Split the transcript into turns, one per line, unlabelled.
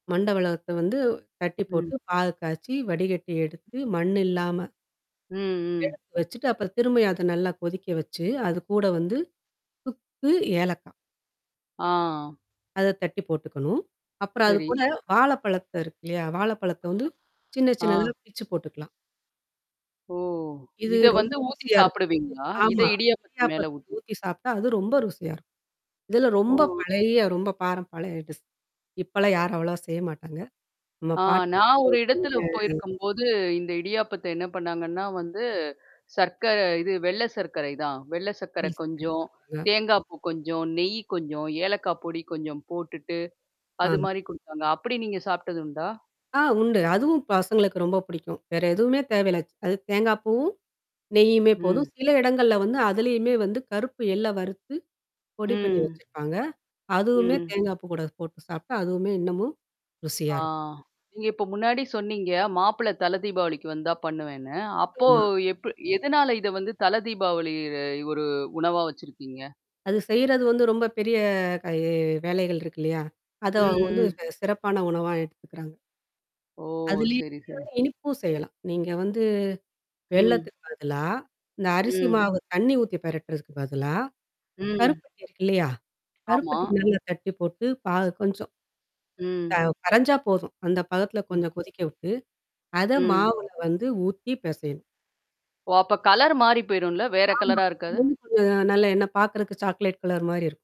மண்டவெல்லத்த வந்து தட்டி
ம்.
போட்டு பாகுக்காய்ச்சி, வடிகட்டி எடுத்து, மண் இல்லாம
ம், ம்.
எடுத்து வச்சுட்டு, அப்புறம் திரும்பியும் அத நல்லா கொதிக்க வச்சு, அது கூட வந்து சுக்கு, ஏலக்காய்
ஆ.
அத தட்டி போட்டுக்கணும். அப்புறம் அது கூட
சரி.
வாழைப்பழத்த இருக்கு இல்லையா? வாழைப்பழத்த வந்து சின்ன,
ஆ.
சின்னதா பிச்சு போட்டுக்கலாம்.
ஓ!
இது
இத
ரொம்ப
வந்து ஊத்தி
ருசியா இருக்கும்.
சாப்படுவீங்களா? இத
ஆமா.
இடியாப்பத்துக்கு மேல
இடியாப்பத்துக்கு
ஊத்தி.
ஊத்தி சாப்பி்ட்டா, அது ரொம்ப ருசியா இருக்கும். இதெல்லாம் ரொம்ப
ஓ.
பழைய ரொம்ப பாரம் பழைய டிஷ். இப்பலாம் யாரும் அவ்வளவா செய்ய மாட்டாங்க. ஆமா
ஆ நான் ஒரு
பாட்டிமார்கள் செஞ்ச
இடத்துல போயிருக்கும்போது, இந்த இடியாப்பத்த என்ன பண்ணாங்கன்னா வந்து, சர்க்கர இது வெள்ளை சர்க்கரை தான். வெள்ள சர்க்கரை கொஞ்சம்,
[unintelligible]
தேங்காய்ப்பூ கொஞ்சம், நெய் கொஞ்சம், ஏலக்காய் பொடி கொஞ்சம் போட்டுட்டு அது
ஆம்.
மாரி குடுத்தாங்க. அப்படி நீங்க சாப்புட்டதுண்டா?
ஆ உண்டு. அதுவும் பசங்களுக்கு ரொம்ப பிடிக்கும். வேற எதுவுமே தேவையில்ல. ச்சு அது தேங்காய் பூவும், நெய்யுமே போதும்.
ம்.
சில இடங்கள்ல வந்து அதலயுமே வந்து கருப்பு எள்ள வறுத்து, பொடி பண்ணி
ம்.
வச்சிருப்பாங்க. அதுவுமே
ம்.
தேங்காய் பூ கூட போட்டு சாப்புட்டா அதுவுமே இன்னமும், ருசியா
ஆ.
இருக்கும்.
நீங்க இப்ப முன்னாடி சொன்னீங்க, மாப்பிள்ளை தலதீபாவளிக்கு வந்தா பண்ணுவேன்னு. அப்போ
ஆமா.
எப்டி எதனால இத வந்து தலதீபாவளி அ ஒரு உணவா வச்சிருக்கீங்க?
அது செய்றது வந்து ரொம்ப பெரிய க எ வேலைகள் இருக்கு இல்லையா? அத
ம்,
அவங்க வந்து
ம்.
சிறப்பான உணவா எடுத்துக்குறாங்க.
ஓ!
அதிலயுமே
சரி, சரி.
[unintelligible] இனிப்பும் செய்யலாம். நீங்க வந்து
ம்.
வெல்லத்துக்கு பதிலா, இந்த அரிசி
ம்.
மாவு தண்ணி ஊத்தி பெரட்டுறதுக்கு பதிலா,
ம்.
கருப்பட்டி இருக்கு இல்லையா?
ஆமா.
கருப்பட்டி நல்லா கட்டி போட்டு, பாகு கொஞ்சம் த
ம்.
கரைஞ்சா போதும். அந்த பதத்தில
ம்.
கொஞ்சம் கொதிக்க விட்டு, அத
ம்.
மாவுல வந்து ஊத்தி பிசையணும்.
ஓ! அப்ப கலர் மாறி போயிரும்ல. வேற
ஆமா.
கலரா
அது
இருக்காது?
வந்து கொஞ்சம் நல்ல என்ன பார்க்கறதுக்கு சாக்லேட் கலர் மாரி இருக்கும்.